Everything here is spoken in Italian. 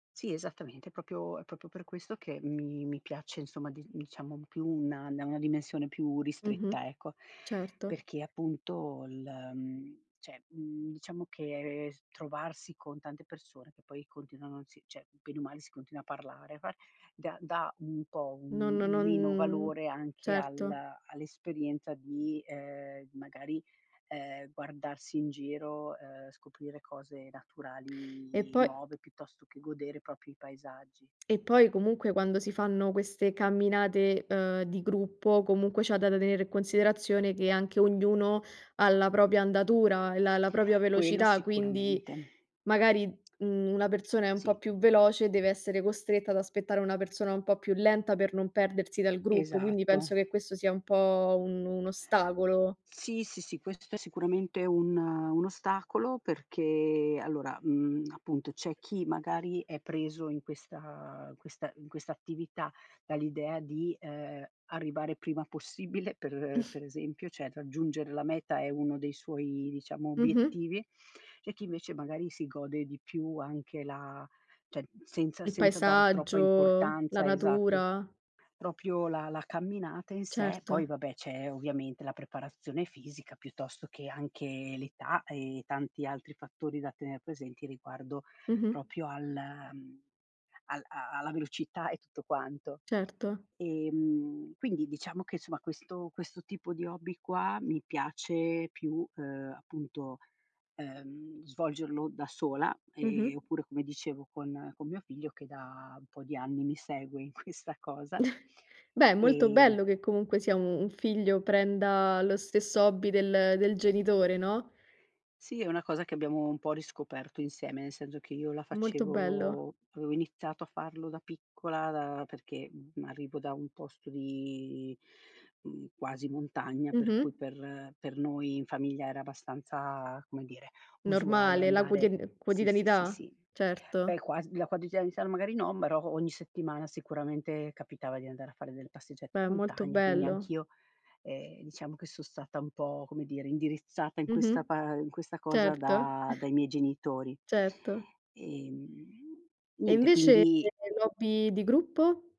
Sì, esattamente. È proprio è proprio per questo che mi mi piace, insomma, di diciamo più una una dimensione più Mh-mh. ristretta, ecco, Certo. perché appunto il, mhmm cioè, mhmm, diciamo che trovarsi con tante persone che poi continuano sì, cioè, bene o male si continua a parlare, parl dà dà un po' No un no un meno non valore anche al certo. all'esperienza di, ehm, magari, ehm, guardarsi in giro, ehm, scoprire cose E naturali poi nuove piuttosto che godere proprio i paesaggi. E poi comunque quando si fanno queste camminate, uhm, di gruppo comunque c'è da tenere in considerazione che anche ognuno ha la propria andatura e la la propria Quello velocità, quindi sicuramente. magari, mhmm, una persona è un Sì. po' più veloce e deve essere costretta ad aspettare una persona un po' più lenta per non perdersi dal gruppo, quindi Esatto. penso che questo sia un po' un un ostacolo. Sì, sì, sì, questo è sicuramente un un ostacolo perché allora, mhmm, appunto, c'è chi magari è preso in questa in questa in questa attività dall'idea di, ehm, arrivare prima possibile per per esempio, cioè raggiungere la meta è uno dei suoi, diciamo, Mh-mh. obiettivi, e chi invece magari si gode di più anche la cioè senza Il senza dare troppa paesaggio, la importanza, esatto, s natura. proprio la la camminata in sé. Certo. Poi vabbè, c'è ovviamente la preparazione fisica piuttosto che anche l'età e tanti altri fattori da tener presenti riguardo Mh-mh. proprio al, mhmm, al a alla velocità e tutto quanto. Certo. Ehm, quindi diciamo che, insomma, questo questo tipo di hobby qua mi piace più, uhm, appunto, uhm, svolgerlo da sola, ehm, Mh-mh. oppure, come dicevo, con con mio figlio che da un po' di anni mi segue in questa cosa, Beh, è molto ehm bello che comunque sia un un figlio prenda lo stesso hobby del del genitore, no? Sì, è una cosa che abbiamo un po' riscoperto insieme, nel senso che io la Molto bello. facevo avevo iniziato a farlo da piccola, da perché, mhmm, arrivo da un posto di, mhmm, quasi montagna, per Mh-mh. cui per per noi in famiglia era abbastanza, come dire, usuale Normale, la andare quotid sì, sì, sì, quotidianità, sì. Beh, certo. quas la quotidianità magari no, però ogni settimana sicuramente capitava di andare a fare delle passeggiate in Beh, è molto montagna, quindi bello. anch'io, ehm, diciamo che son stata un po', come dire, indirizzata in Mh mh. questa pa in questa cosa Certo. da dai miei genitori, Certo. ehm, E niente, invece quindi l'hobby di gruppo?